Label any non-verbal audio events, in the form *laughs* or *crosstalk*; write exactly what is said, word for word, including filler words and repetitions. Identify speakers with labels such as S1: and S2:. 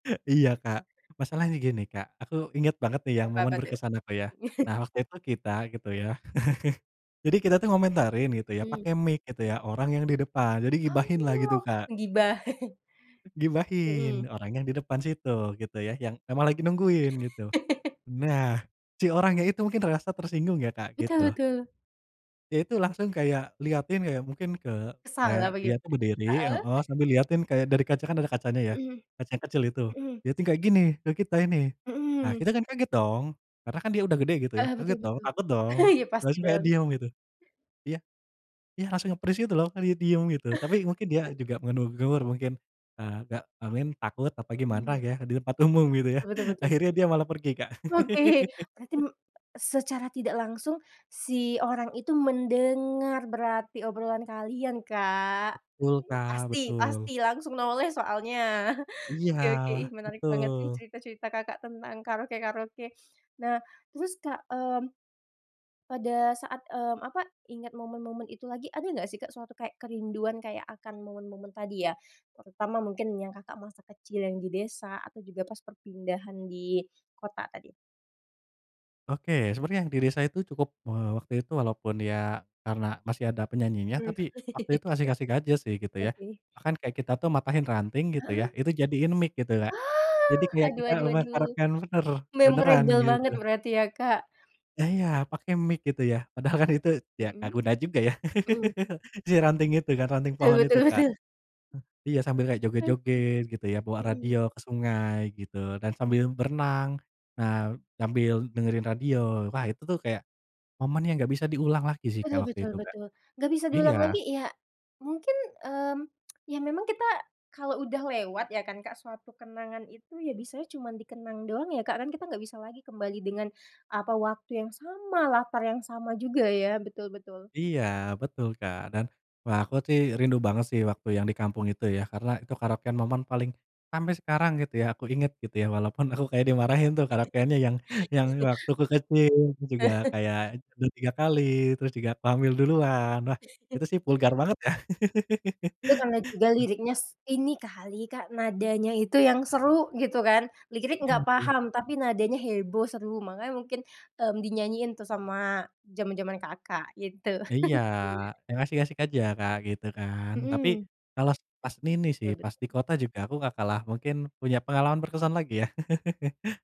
S1: Iya Kak, masalahnya gini Kak, aku inget banget nih yang
S2: Apa apa
S1: momen
S2: tuh?
S1: berkesan apa ya.
S2: *chuckles*
S1: Nah waktu itu kita gitu ya. *chuckles* Jadi kita tuh ngomentarin gitu ya
S2: Mhm.
S1: pakai mic gitu ya orang yang di depan. Jadi ghibahin lah gitu
S2: Oh
S1: Kak.
S2: gibah. *chuckles*
S1: Ghibahin
S2: Mhm.
S1: orang yang di depan situ, gitu ya yang emang lagi nungguin gitu.
S2: *laughs*
S1: Nah si orangnya itu mungkin merasa tersinggung ya Kak,
S2: Betul
S1: gitu.
S2: betul.
S1: Ya itu langsung kayak lihatin kayak mungkin ke
S2: Kesal
S1: kayak
S2: apa
S1: dia tuh
S2: gimana?
S1: berdiri,
S2: Heeh.
S1: heeh, sambil lihatin kayak dari kaca, kan ada kacanya ya,
S2: Mhm,
S1: kaca yang kecil itu.
S2: mhm.
S1: Dia itu kayak gini, ke kita ini. Nah
S2: Mhm.
S1: kita kan kayak gitu dong. Karena kan dia udah gede gitu ya.
S2: Heeh, betul
S1: Kaget dong,
S2: betul,
S1: takut dong.
S2: *laughs* ya pasti
S1: Terus kayak
S2: dong.
S1: diam gitu. Iya. Iya, langsung nge-freeze gitu loh, diem gitu. Tapi mungkin dia
S2: *laughs*
S1: juga menegur mungkin, agak amin, takut apa gimana
S2: Mmm.
S1: ya di tempat umum gitu ya.
S2: Betul betul.
S1: *chuckles* Akhirnya dia malah pergi, Kak.
S2: Oke, berarti
S1: *laughs*
S2: me secara tidak langsung, si orang itu mendengar berarti obrolan kalian Kak,
S1: Betul, Kak,
S2: pasti,
S1: betul.
S2: pasti langsung noleh soalnya *chuckles*
S1: Iya,
S2: oke, oke menarik banget sih
S1: betul.
S2: cerita-cerita Kakak, tentang karaoke karaoke, nah terus Kak, mmm, pada saat eee, apa ingat momen-momen itu lagi, ada enggak sih Kak, suatu kayak kerinduan kayak akan momen-momen tadi ya? Terutama mungkin yang Kakak, masa kecil yang di desa atau juga pas perpindahan di kota, tadi?
S1: Oke, sebenarnya yang diri saya itu cukup. Eee, waktu itu walaupun ya karena masih ada penyanyinya,
S2: Hmm.
S1: tapi waktu itu
S2: *laughs*
S1: ngasih kasih gaji sih gitu ya.
S2: Oke.
S1: Bahkan kayak kita tuh matahin ranting gitu ya,
S2: Heeh.
S1: itu jadiin mic gitu, Kak.
S2: Aah,
S1: Jadi kayak
S2: aduh
S1: kita
S2: aduh aduh,
S1: memasarkan bener, beneran
S2: memorable
S1: gitu.
S2: banget berarti ya Kak.
S1: Ya iya,
S2: M
S1: pakai mic gitu ya. Padahal kan itu ya enggak
S2: Mhm.
S1: guna juga ya.
S2: Mhm.
S1: *laughs* Si ranting itu, ranting
S2: Betul
S1: pohon itu
S2: betul
S1: Kak.
S2: betul.
S1: Iya sambil kayak
S2: Oke.
S1: joget-joget gitu ya, bawa
S2: Mhm.
S1: radio ke sungai gitu, dan sambil berenang. Nah sambil dengerin radio. Wah itu tuh kayak momen yang enggak bisa diulang lagi sih
S2: Betul
S1: Kak, waktu
S2: betul
S1: itu Kak.
S2: betul. Enggak bisa diulang
S1: Iya.
S2: lagi ya mungkin, mmm, *tsk* ya memang kita kalau udah lewat ya kan Kak, suatu kenangan itu ya bisanya cuman dikenang doang ya Kak, kan kita enggak bisa lagi kembali dengan apa, waktu yang sama, latar yang sama juga ya, betul betul.
S1: Iya betul, Kak. Dan, wah, aku sih rindu banget sih waktu yang di kampung itu ya, karena itu karaokean momen paling sampai sekarang gitu ya aku inget gitu ya walaupun aku kayak dimarahin tuh karaokeannya yang waktu
S2: *laughs*
S1: kecil juga
S2: *laughs*
S1: kayak tidur tiga kali terus juga Hamil Duluan lah, itu
S2: *chuckles*
S1: sih vulgar banget ya.
S2: Itu karena juga
S1: *laughs*
S2: liriknya ini kali Kak, nadanya itu yang seru gitu kan, lirik enggak paham, tapi nadanya heboh, seru, makanya mungkin, mmm, dinyanyiin tuh sama jaman-jaman Kakak, gitu.
S1: Iya,
S2: *chuckles*
S1: yang asik-asik aja Kak, gitu kan. Tapi,
S2: Mhm.
S1: kalau s pas nini sih,
S2: Betul
S1: pas di
S2: betul.
S1: kota juga aku enggak kalah mungkin punya pengalaman berkesan lagi ya. *laughs*